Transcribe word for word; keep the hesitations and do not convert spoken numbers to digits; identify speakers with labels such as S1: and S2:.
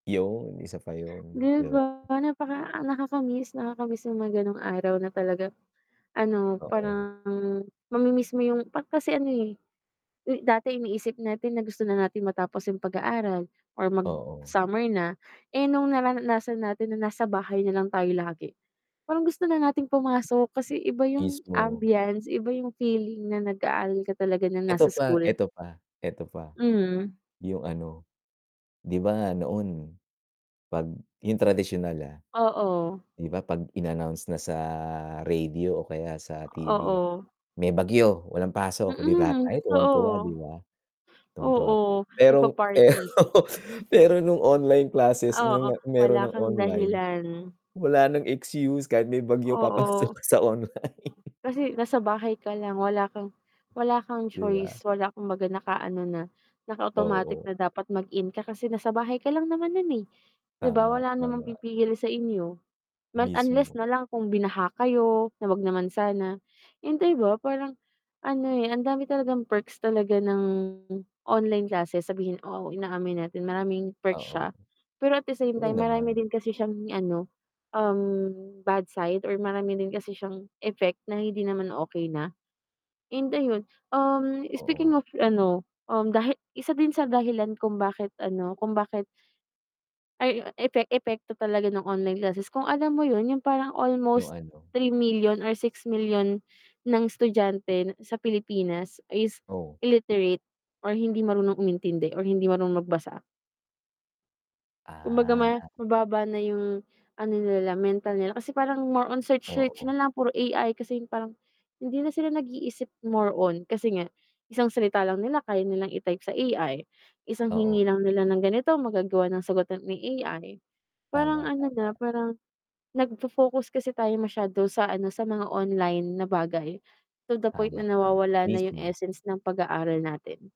S1: Yun, isa pa yun,
S2: 'Di
S1: di ba?
S2: ba? napaka nakaka-miss nakaka-miss yung mga ganong araw na talagang, ano,
S1: Oo.
S2: parang mami-miss mo yung pag kasi ano eh, dati iniisip natin na gusto na natin matapos yung pag-aaral or
S1: Oo.
S2: mag-summer na, eh, nung nararanasan natin na nasa bahay nalang tayo lagi, parang gusto na nating pumasok kasi iba yung
S1: Mismo.
S2: ambiance iba yung feeling na nag-aaral ka talaga nang nasa
S1: Eto pa
S2: school.
S1: eto pa eto pa,
S2: Mhm.
S1: yung ano, 'di ba noon, 'pag yung tradisyunal ah.
S2: Oo.
S1: Di ba 'pag in-announce na sa radio o kaya sa T-V,
S2: Oo.
S1: may bagyo, walang pasok, eh, di lahat
S2: Mm,
S1: tayo tuwang-tuwa 'di
S2: totoo.
S1: ba? Tuwang-tuwa tayo,
S2: Oo,
S1: pero
S2: nagpa-party.
S1: pero nung online classes
S2: Oo,
S1: nung meron
S2: wala
S1: nang
S2: kang
S1: online,
S2: dahilan.
S1: wala ng excuse, kahit may bagyo papasok
S2: Oo.
S1: ka sa online.
S2: Kasi nasa bahay ka lang, wala kang wala kang
S1: Di
S2: choice,
S1: ba?
S2: wala kang 'baga naka-ano na, naka-automatic
S1: Oo.
S2: na dapat mag-in ka kasi nasa bahay ka lang naman nun eh. Di ba
S1: Tama,
S2: wala namang
S1: tama.
S2: pipigil sa inyo, mas unless
S1: Mismo.
S2: nalang kung binaha kayo, na wag naman sana, yung di ba parang, ano eh, ang dami talagang perks talaga ng online classes, sabihin ko, Oo, inaamin natin maraming perks
S1: Oo.
S2: siya, pero at the same
S1: Oo
S2: time
S1: naman.
S2: marami din kasi siyang ano, um, bad side or marami din kasi siyang effect na hindi naman okey na. And ayun, um, speaking
S1: Oo.
S2: of ano, um, dahil isa din sa dahilan kung bakit ano kung bakit ay yu epe epekto talaga ng online classes, kung alam mo yun yung parang
S1: Yung
S2: almost
S1: ano?
S2: three million million or six million million ng estudyante sa Pilipinas is
S1: Oo.
S2: illiterate or hindi marunong umintindi or hindi marunong magbasa. Kumbaga ma
S1: Ah.
S2: mababa na yung ano nila mental nila kasi parang more on search-search
S1: Oo.
S2: na lang puro A-I kasi parang hindi na sila nag-iisip more on kasi nga, isang salita lang nila kaya nilang i-type sa A-I isang hingi
S1: Oo.
S2: lang nila ng ganito, magagawa ng sagutan ni A-I
S1: Tama,
S2: parang ano
S1: tama.
S2: na parang, nagfo-focus kasi tayo masyado sa ano sa mga online na bagay, to the point
S1: Tama,
S2: na
S1: tama.
S2: nawawala na yung
S1: Mismo.
S2: essence ng pag-aaral natin.